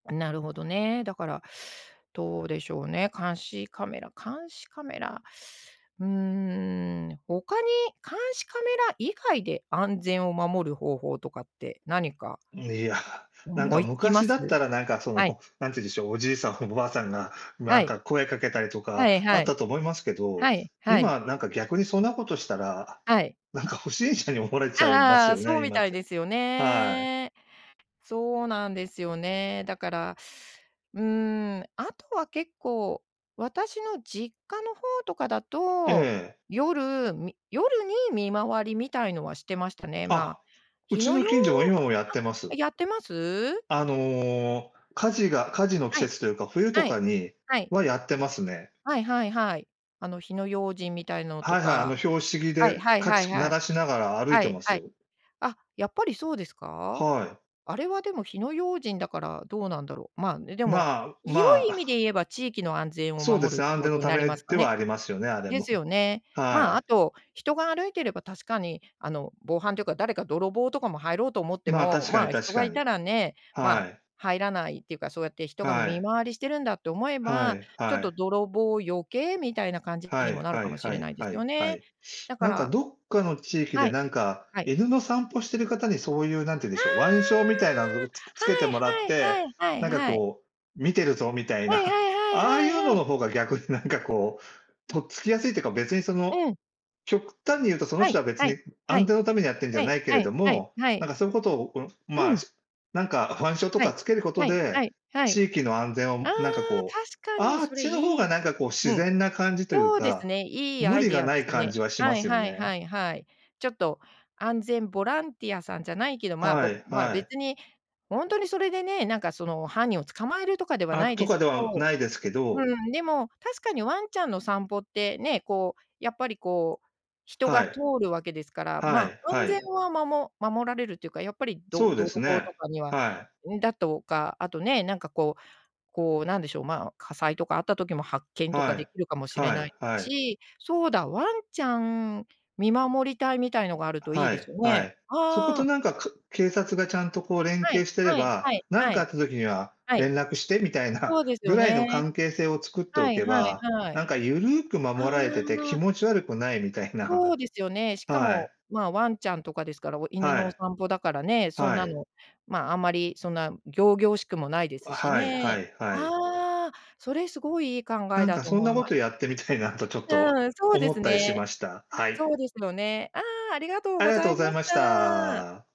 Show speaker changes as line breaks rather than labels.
なるほどね、だからどうでしょうね、監視カメラ監視カメラ、うーん、他に監視カメラ以外で安全を守る方法とかって何か
いや、なん
思
か
いつきま
昔だ
す？
ったら、なんか、そ
はい。
の、なんて言うんでしょう、おじいさんおばあさんが、な
は
ん
い。
か声かけたりと
は
か
い
あ
は
っ
い。
たと思いますけど、
はい、はい。
今、なんか、逆にそんなことしたら、
はい。
なんか不審者に思われち
あ
ゃいま
ああ
すよ
あ、そう
ね、
み
今っ
たい
て。
ですよ
はい。
ね。そうなんですよね。だから、うーん、あとは結構、私の実家の方とかだ
え
と、
え。
夜、み夜に見回りみたいのはしてましたね。ま、
あ、う
火
ち
の
の
用
近所も今もやっ
あ、
てます。
やってます？
あの、火事が火事の季
はい。
節というか、冬と
はい。
かに
はい。
はやってますね。
はいはいはい。あの火の用心みたいのと
はいはい、あ
か。
の拍子木
はい
で、
はい
か
はい
ち鳴
はい。
らしながら歩い
は
て
い
ます
はい。
よ。
あ、やっぱりそうですか？
はい。
あれはでも火の用心だから、どうなんだろう。ま、ね、でも、
まあ、
広
ま
い
あ。
意味で 言えば地域の安全を
そうで
守る
す
っ
ね、
て
安
こ
全の
とに
た
なり
め
ますか
では
ね。
ありますよね、あれ
で
も。
すよね。
は
ま、あ
い。
と、人が歩いてれば確かに、あの、防犯というか、誰か泥棒とかも入ろうと思って
まあ、
も、
確かに
ま、人
確
が
か
い
に。
たらね、ま、
はい。
入らないっていうか、そうやって人が
は
見
い。
回りしてるんだって思え
は
ば、
い
ちょっ
は
と
い。
泥棒避けみたいな感じ
は
にも
い
なる
は
かも
い
し
は
れな
い
いです
は
よ
いは
ね。
い。
だか
なんか、
ら
どっかの地域
は
で、
い。
なんか、
はい。
犬の散歩してる方にそういう、何て言うんで
あ
しょう、腕章みたいなのをつく
あ！
付けて
は
もらっ
い
て、
はいはいはい
なんか、
はい。
こう、見てるぞみたい
はいは
な、
い
ああ
は
い
い
う
はい
の
は
の
い。
方が逆に、なんか、こう、
うん。
とっつきやすいっていうか、別に、その、
うん。
極端に言うと、その
は
人
い、
は別
はい、
に
は
安
い。
全のためにやってんじゃ
はい、
ないけ
は
れ
い、
ど
はい、
も、
はい。
なんかそういうことを、う
う
まあ、
ん。
なんか腕章と
は
か
い。
付けること
はい、は
で、
い、はい。
地域の安全
ああ、
を、なんか、こう、
確かに、
あっ
それ
ちの方
い
が、
い。
なんか、こう、自
うん。
然な感じという
そうです
か、
ね、いい
無
アイ
理
デ
が
ア
な
で
い
す
感
ね。
じはしま
はい
すよ
はいは
ね。
いはい。ちょっと、安全ボランティアさんじゃないけど、ま、
は
ぼ
い
ま、
はい。
別に、ほんとにそれでね、なんか、その、犯人を捕まえるとかでは
あ、
ない
と
です
かで
け
は
ど
ないですけど。
うん、でも確かにワンちゃんの散歩ってね、こう、やっぱり、こう、人
は
が
い。
通るわけですから、
は
ま、
い
安
は
全
い。
はまも守られるっていうか、やっぱりど
そうで
泥
す
棒
ね、
とかには
はい。
うん、だとか、あとね、なんか、こう、こう、なんでしょう、ま、火災とかあった時も発見とか
は
でき
い、
るかもしれ
は
ない
い
です
はい。
し、そうだ、ワンちゃん見守り隊みたいのがあるといい
は
です
い
よ
は
ね。
い。そこ
あ
と
あ。
なんか、か警察がちゃんとこう連
は
携
い、
してれ
はい、は
ば
い、
「なん
は
かあっ
い。
た時には
はい。
連絡して」みたい
そ
な
うですよ
ぐらいの
ね。
関係性を作ってお
はい
け
はい
ば、
は
なん
い。
かゆるく
あ
守られてて気
あ。
持ち悪くないみたいな。
そうですよね。しか
は
も、
い。
ま、ワンちゃんとかですから、犬
は
のお
い。
散歩だからね、そん
は
な
い。
の、ま、あんまりそんな仰々しくもないです
あ、
し
はいは
ね。
いはい。
ああ、それすごいいい考
な
え
ん
だ
か
と
そん
思
な
い
こ
ます。
とやってみたいな、とちょっと
うーん、そうで
思っ
す
たりし
ね。
ました。はい。
そうですよね。ああ、ありがとう
あ
ご
りがと
ざ
うご
い
ざ
ま
い
し
まし
た。
た。